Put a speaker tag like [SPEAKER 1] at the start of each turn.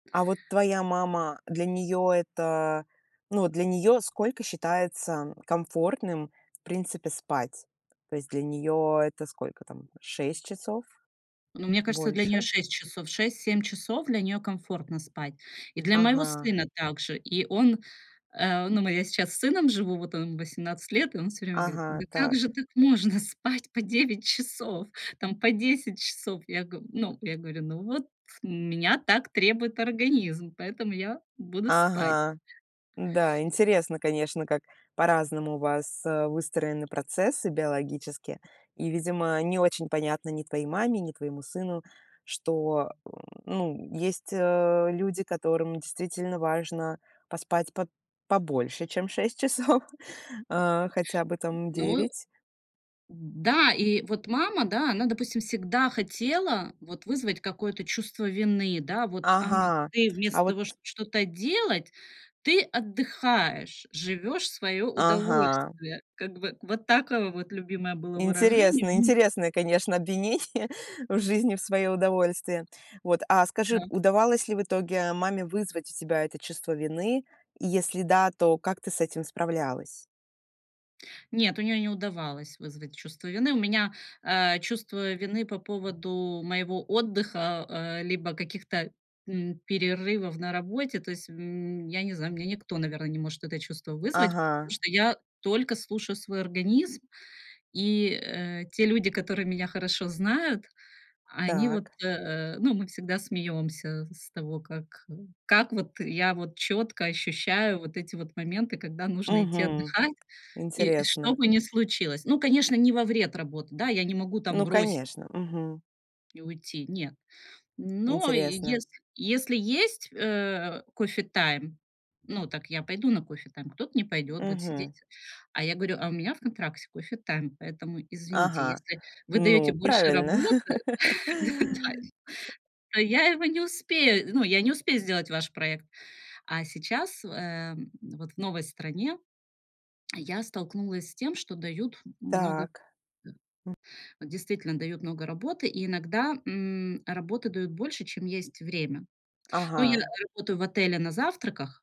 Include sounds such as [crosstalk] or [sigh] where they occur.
[SPEAKER 1] А, вот, твоя мама, для неё это, э, ну, для неё сколько считается, м, комфортным в принципе спать? То есть для неё это сколько, там, 6 часов?
[SPEAKER 2] Ну мне кажется, для неё
[SPEAKER 1] Больше?
[SPEAKER 2] 6 часов. 6-7 часов для неё комфортно спать. И для моего
[SPEAKER 1] Ага.
[SPEAKER 2] сына также. И он, э, ну, мы я сейчас с сыном живу, вот, он 18 лет, и он всё время говорит:
[SPEAKER 1] Ага.
[SPEAKER 2] "Да как же
[SPEAKER 1] Так.
[SPEAKER 2] так можно спать по 9 часов, там, по 10 часов?" Я г ну, я говорю: "Ну, вот у меня так требует организм, поэтому я буду спать".
[SPEAKER 1] Ага. Да, интересно, конечно, как по-разному у вас, э, выстроены процессы биологические. И, видимо, не очень понятно ни твоей маме, ни твоему сыну, что, м, ну, есть, э, люди, которым действительно важно поспать по побольше, чем 6 часов. Хотя бы, там,
[SPEAKER 2] Ну.
[SPEAKER 1] 9.
[SPEAKER 2] Да, и, вот, мама, да, она, допустим, всегда хотела, вот, вызвать какое-то чувство вины, да. Вот: "А,
[SPEAKER 1] Ага.
[SPEAKER 2] ты
[SPEAKER 1] А
[SPEAKER 2] вместо
[SPEAKER 1] вот
[SPEAKER 2] того, шт что-то делать, ты отдыхаешь, живёшь в своё
[SPEAKER 1] Ага.
[SPEAKER 2] удовольствие". Как бы, вот такое вот любимое было выражение
[SPEAKER 1] Интересно,
[SPEAKER 2] у н [chuckles]
[SPEAKER 1] интересное, конечно, обвинение [chuckles] в жизни в своё удовольствие. Вот, а скажи,
[SPEAKER 2] Да.
[SPEAKER 1] удавалось ли в итоге маме вызвать у тебя это чувство вины? И если да, то как ты с этим справлялась?
[SPEAKER 2] Нет, у неё не удавалось вызвать чувство вины. У меня, э, чувство вины по поводу моего отдыха, э, либо каких-то, м, перерывов на работе. То есть, м, я не знаю, у меня никто, наверное, не может это чувство вызвать, потому
[SPEAKER 1] Ага.
[SPEAKER 2] что я только слушаю свой организм, и, э, те люди, которые меня хорошо знают, они вот,
[SPEAKER 1] Так.
[SPEAKER 2] э, ну, мы всегда смеёмся с того, как, э, как, вот, я вот чётко ощущаю вот эти вот моменты, когда нужно идти
[SPEAKER 1] Мгм.
[SPEAKER 2] отдыхать, и что
[SPEAKER 1] Интересно.
[SPEAKER 2] бы ни случилось. Ну, конечно, не во вред работы, да, я не могу там
[SPEAKER 1] Ну
[SPEAKER 2] бросить
[SPEAKER 1] конечно. Мгм.
[SPEAKER 2] и уйти, нет. Но
[SPEAKER 1] Интересно.
[SPEAKER 2] если если есть, э, кофе-тайм, ну, так я пойду на кофе-тайм, кто-то не пойдет, будет сидеть.
[SPEAKER 1] Мгм.
[SPEAKER 2] А я горю: "А у меня в контракте кофе-тайм, поэтому, извините,
[SPEAKER 1] Ага.
[SPEAKER 2] если вы даёте
[SPEAKER 1] Ну
[SPEAKER 2] больше
[SPEAKER 1] правильно.
[SPEAKER 2] работы д да.
[SPEAKER 1] [laughs]
[SPEAKER 2] То я его не успею, ну, я не успею сделать ваш проект" А сейчас, э, м, вот в новой стране я столкнулась с тем, что дают м много
[SPEAKER 1] Так.
[SPEAKER 2] Да. Действительно дают много работы, и иногда, м, работы дают больше, чем есть время. Ну, я
[SPEAKER 1] Ага.
[SPEAKER 2] работаю в отеле на завтраках.